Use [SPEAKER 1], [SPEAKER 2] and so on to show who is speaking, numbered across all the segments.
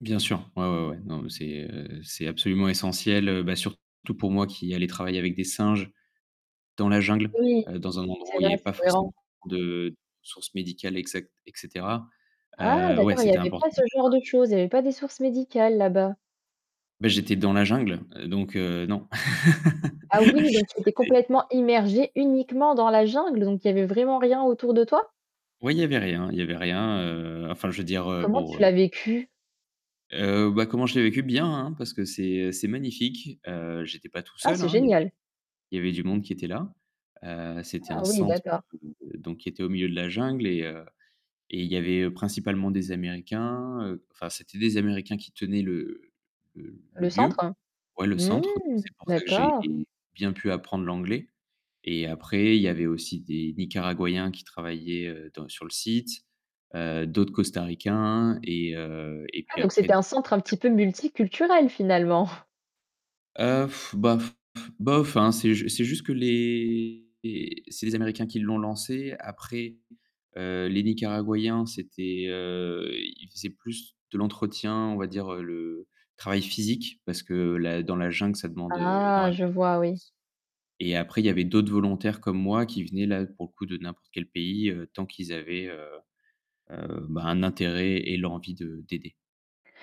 [SPEAKER 1] Bien sûr, ouais, ouais, ouais. Non, mais c'est, heu, c'est absolument essentiel, heu bah surtout pour moi qui allais travailler avec des singes, dans la jungle,
[SPEAKER 2] Oui,
[SPEAKER 1] heu, dans un endroit
[SPEAKER 2] c'est
[SPEAKER 1] où il y
[SPEAKER 2] vrai,
[SPEAKER 1] avait pas
[SPEAKER 2] c'est
[SPEAKER 1] forcément
[SPEAKER 2] cohérent.
[SPEAKER 1] beaucoup de sources médicales, exactes heu et cetera.
[SPEAKER 2] Ah
[SPEAKER 1] Heu, ouais,
[SPEAKER 2] d'accord! Il y
[SPEAKER 1] c'était
[SPEAKER 2] avait
[SPEAKER 1] important
[SPEAKER 2] pas ce
[SPEAKER 1] dès le
[SPEAKER 2] genre
[SPEAKER 1] départ.
[SPEAKER 2] de choses, il y avait pas des sources médicales là-bas?
[SPEAKER 1] Beh j'étais dans la jungle, heu donc heu, non.
[SPEAKER 2] Ah oui, donc tu étais
[SPEAKER 1] C'était
[SPEAKER 2] complètement immergé uniquement dans la jungle, donc il y avait vraiment rien autour de toi?
[SPEAKER 1] Oui il y avait rien, il y avait rien, heu, enfin je veux dire, heu,
[SPEAKER 2] Comment
[SPEAKER 1] bon,
[SPEAKER 2] tu
[SPEAKER 1] heu
[SPEAKER 2] l'as vécu?
[SPEAKER 1] Heu bah, comment je l'ai vécu? Bien hein parce que c'est, heu, c'est magnifique, heu, j'étais pas tout
[SPEAKER 2] Ah
[SPEAKER 1] seul
[SPEAKER 2] c'est
[SPEAKER 1] hein, il y avait
[SPEAKER 2] génial.
[SPEAKER 1] il y avait du monde qui était là, heu, c'était
[SPEAKER 2] Ah
[SPEAKER 1] un
[SPEAKER 2] oui,
[SPEAKER 1] centre,
[SPEAKER 2] d'accord.
[SPEAKER 1] heu, donc qui était au milieu de la jungle et heu et il y avait, heu, principalement des américains, heu, enfin c'était des américains qui tenaient le le le
[SPEAKER 2] Le
[SPEAKER 1] lieu,
[SPEAKER 2] centre?
[SPEAKER 1] ouais le centre, donc
[SPEAKER 2] Mmh!
[SPEAKER 1] c'est pour ça que j'ai
[SPEAKER 2] D'accord!
[SPEAKER 1] bien pu apprendre l'anglais et après il y a avait aussi des Nicaraguayens qui travaillaient, heu, dans sur le site, heu, d'autres Costaricains et heu, et
[SPEAKER 2] Ah
[SPEAKER 1] puis
[SPEAKER 2] donc
[SPEAKER 1] après.
[SPEAKER 2] c'était un centre un petit peu
[SPEAKER 1] [unintelligible]
[SPEAKER 2] multiculturel finalement.
[SPEAKER 1] Heu, bah f bof hein, c'est jus c'est juste que les les c'est les Américains qui l'ont lancé après, heu, les Nicaraguayens, c'étaient, heu, ils faisaient plus de l'entretien, on va dire le travail physique parce que la dans la jungle ça demande, heu,
[SPEAKER 2] Ah!
[SPEAKER 1] énormément
[SPEAKER 2] Je
[SPEAKER 1] de
[SPEAKER 2] vois oui.
[SPEAKER 1] force. Et après il y avait d'autres volontaires comme moi qui venaient là pour le coup de n'importe quel pays, heu, tant qu'ils avaient, heu heu, bah, un intérêt et l'envie de d'aider.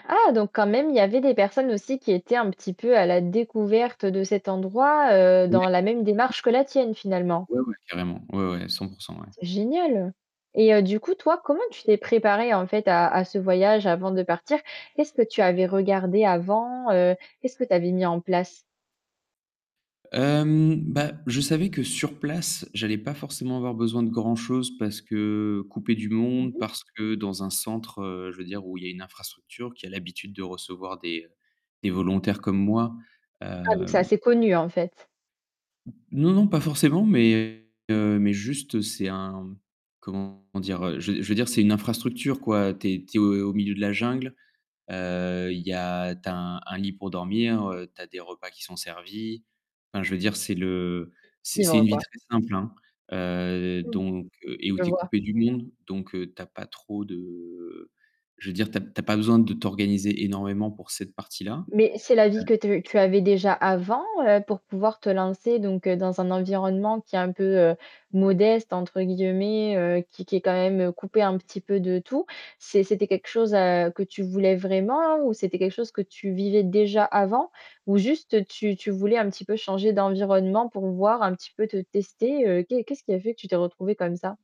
[SPEAKER 2] Ah! Donc quand même, il y avait des personnes aussi qui étaient un petit peu à la découverte de cet endroit, heu,
[SPEAKER 1] Ouais.
[SPEAKER 2] dans la même démarche que la tienne finalement?
[SPEAKER 1] Ouais. Ouais. Ouais, ouais carrément, ouais, ouais 100 % ouais.
[SPEAKER 2] C'est génial. Et heu du coup toi, comment tu t'es préparé en fait à à ce voyage avant de partir? Qu'est-ce que tu avais regardé avant? Heu, qu'est-ce que tu avais mis en place?
[SPEAKER 1] Hem, bah, je savais que sur place, j'allais pas forcément avoir besoin de grand-chose parce que couper du
[SPEAKER 2] Mmh
[SPEAKER 1] monde,
[SPEAKER 2] mh.
[SPEAKER 1] parce que dans un centre, heu, je veux dire où il y a une infrastructure, qui a l'habitude de recevoir des, heu, des volontaires comme moi.
[SPEAKER 2] Ah donc c'est
[SPEAKER 1] Hem
[SPEAKER 2] assez connu en fait.
[SPEAKER 1] N non non pas forcément mais heu, mais juste c'est un comment dire, heu? Je je veux dire c'est une infrastructure quoi, tu es tu es au milieu de la jungle. Heu, il y a, tu as un un lit pour dormir, heu, tu as des repas qui sont servis, enfin je veux dire c'est le c'est c'est
[SPEAKER 2] Vivre
[SPEAKER 1] une vie
[SPEAKER 2] quoi.
[SPEAKER 1] très simple hein. Heu
[SPEAKER 2] Mmh.
[SPEAKER 1] donc et où
[SPEAKER 2] Je
[SPEAKER 1] tu es
[SPEAKER 2] vois
[SPEAKER 1] coupé du monde, donc heu tu as pas trop de je veux dire tu as p tu as pas de t'organiser énormément pour cette partie-là.
[SPEAKER 2] Mais c'est la vie que
[SPEAKER 1] Heu
[SPEAKER 2] tu tu avais déjà avant, heu, pour pouvoir te lancer donc heu, dans un environnement qui est un peu, heu, «modeste» entre guillemets, heu, qui qui est quand même coupé un petit peu de tout? C'est c'était quelque chose, heu, que tu voulais vraiment ou c'était quelque chose que tu vivais déjà avant, ou juste tu tu voulais un petit peu changer d'environnement pour voir un petit peu te tester? Heu qu'est qu'est-ce qui a fait que tu t'es retrouvé comme ça?